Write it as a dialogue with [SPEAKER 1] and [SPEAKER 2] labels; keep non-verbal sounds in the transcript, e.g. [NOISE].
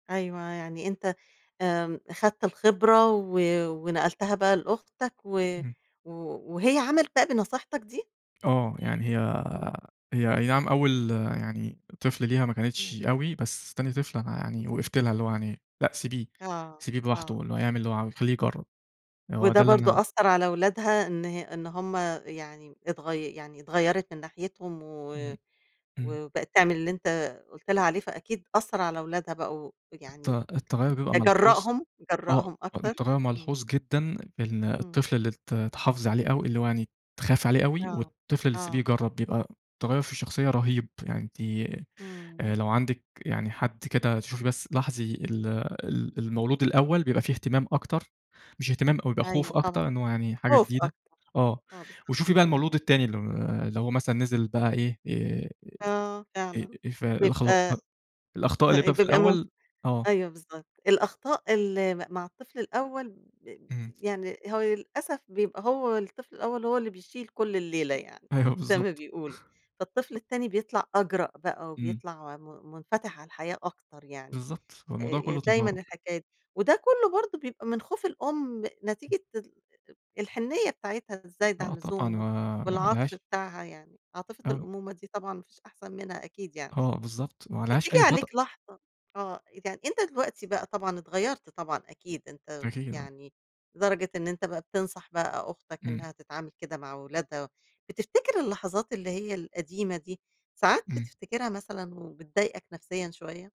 [SPEAKER 1] أيوَه يعني أنت آمم، أخدت الخبرة و ونقلتها بقى لأختك. و
[SPEAKER 2] إمم.
[SPEAKER 1] و وهي عملِت بقي بنصيحتك دي؟
[SPEAKER 2] آه، يعني هي
[SPEAKER 1] إمم.
[SPEAKER 2] هي أي نَعم أول يعني طفل ليها ما
[SPEAKER 1] إمم.
[SPEAKER 2] كانتش أوي، بس تاني طفل أنا يعني
[SPEAKER 1] اهم.
[SPEAKER 2] وقَفت لها، اللي هو يعني، لأ، سيبيه،
[SPEAKER 1] آه،
[SPEAKER 2] سيبيه براحته
[SPEAKER 1] آه.
[SPEAKER 2] اللي هو يعمل اللي هو عاوزه، خلّيه يجرّب. آآ، هو
[SPEAKER 1] وده
[SPEAKER 2] ده اللي
[SPEAKER 1] برضو
[SPEAKER 2] أنا
[SPEAKER 1] أثَّر على أولادها إن ه إن همَّ يعني اتغي يعني اتغيَّرِت من ناحيتهم و-و
[SPEAKER 2] إمم، إمم.
[SPEAKER 1] وبقِت تعمِل اللي أنت قُلت لها عليه، فأكيد أثَّر على أولادها بقوا
[SPEAKER 2] الت
[SPEAKER 1] يعني
[SPEAKER 2] التغيُّر بيبقى
[SPEAKER 1] آآ،
[SPEAKER 2] ملحوظ،
[SPEAKER 1] جرَّأهم،
[SPEAKER 2] آه،
[SPEAKER 1] جرَّأهم
[SPEAKER 2] آه،
[SPEAKER 1] أكتر؟
[SPEAKER 2] التغيُّر
[SPEAKER 1] إمم.
[SPEAKER 2] ملحوظ جدًا إن
[SPEAKER 1] إمم.
[SPEAKER 2] الطفل اللي ات اتحافظ عليه أوي، اللي هو يعني اتخاف عليه أوي،
[SPEAKER 1] آه،
[SPEAKER 2] والطفل اللي تسيبيه
[SPEAKER 1] آه.
[SPEAKER 2] يجرّب بيبقى تغيُّر في الشخصية رهيب، يعني أنتِ آآ،
[SPEAKER 1] إمم.
[SPEAKER 2] لو عَندِك يعني حد كده تشوفي بس لاحظي ال ال المولود الأول بيبقى في اهتمام أكتر مش اهتمام أوي، بيبقى خوف
[SPEAKER 1] أيوه طبعًا،
[SPEAKER 2] أكتر، إن هو يعني حاجة
[SPEAKER 1] خوف
[SPEAKER 2] جديدة،
[SPEAKER 1] أكتر.
[SPEAKER 2] آه،
[SPEAKER 1] آه بالضبط،
[SPEAKER 2] وشوفي بقى
[SPEAKER 1] امم.
[SPEAKER 2] المولود التاني الم اللي هو مثلًا نزِل بقى إيه، آآ،
[SPEAKER 1] آه
[SPEAKER 2] إ إ
[SPEAKER 1] فعلًا،
[SPEAKER 2] إيه فالاخ ط
[SPEAKER 1] بيبقى
[SPEAKER 2] الأخطاء اللي بيبقى في
[SPEAKER 1] [CHUCKLES] بيبقى ممكن.
[SPEAKER 2] الأول آه.
[SPEAKER 1] أيوه َبالضبط، الأخطاء اللي م مع الطفل الأول بب
[SPEAKER 2] اهم.
[SPEAKER 1] يعني هو ي للأسف بيبقى هو الطفل الأول، هو اللي بيشيل كل الليلة يعني
[SPEAKER 2] أيوَه،
[SPEAKER 1] زي ما
[SPEAKER 2] بالضبط.
[SPEAKER 1] بيقولوا، فالطفل
[SPEAKER 2] [CHUCKLES] أ
[SPEAKER 1] التاني بيطلَع أجرأ بقى
[SPEAKER 2] إمم.
[SPEAKER 1] وبيطلع م مُنفتح على الحياة أكتر يعني.
[SPEAKER 2] بالضبط، هو
[SPEAKER 1] آآ،
[SPEAKER 2] الموضوع
[SPEAKER 1] ي
[SPEAKER 2] كلّه
[SPEAKER 1] دايمًا
[SPEAKER 2] تجارب.
[SPEAKER 1] الحكاية دي. وده كلّه برضو بيبقى من خوف الأم،
[SPEAKER 2] إمم.
[SPEAKER 1] نتيجة ال أأ الحنّية بتاعتها الزايدة عن
[SPEAKER 2] آه، طبعًا،
[SPEAKER 1] اللزوم و
[SPEAKER 2] ما ما
[SPEAKER 1] والعطف
[SPEAKER 2] عليهاش
[SPEAKER 1] بتاعها يعني عاطفة
[SPEAKER 2] آمم.
[SPEAKER 1] الأمومة دي طبعًا ما فيش أحسَن منها أكيد يعني.
[SPEAKER 2] آه، بالضبط، ما عليهاش
[SPEAKER 1] بتييجي
[SPEAKER 2] أي خطأ.
[SPEAKER 1] عليك لحظة آه، يعني أنت دلوقتي بقى طبعًا اتغيّرت طبعًا أكيد أنت
[SPEAKER 2] أكيد، آه.
[SPEAKER 1] يعني لدرجة إن أنت بقي بتنصح بقى أختك
[SPEAKER 2] إمم.
[SPEAKER 1] إنها تتعامل كده مع أولادها، بتفتكر اللحظات اللي هي القديمة دي، ساعات
[SPEAKER 2] إمم.
[SPEAKER 1] بتفتكرها مثلًا وبتضايقك نفسيًا شويّة؟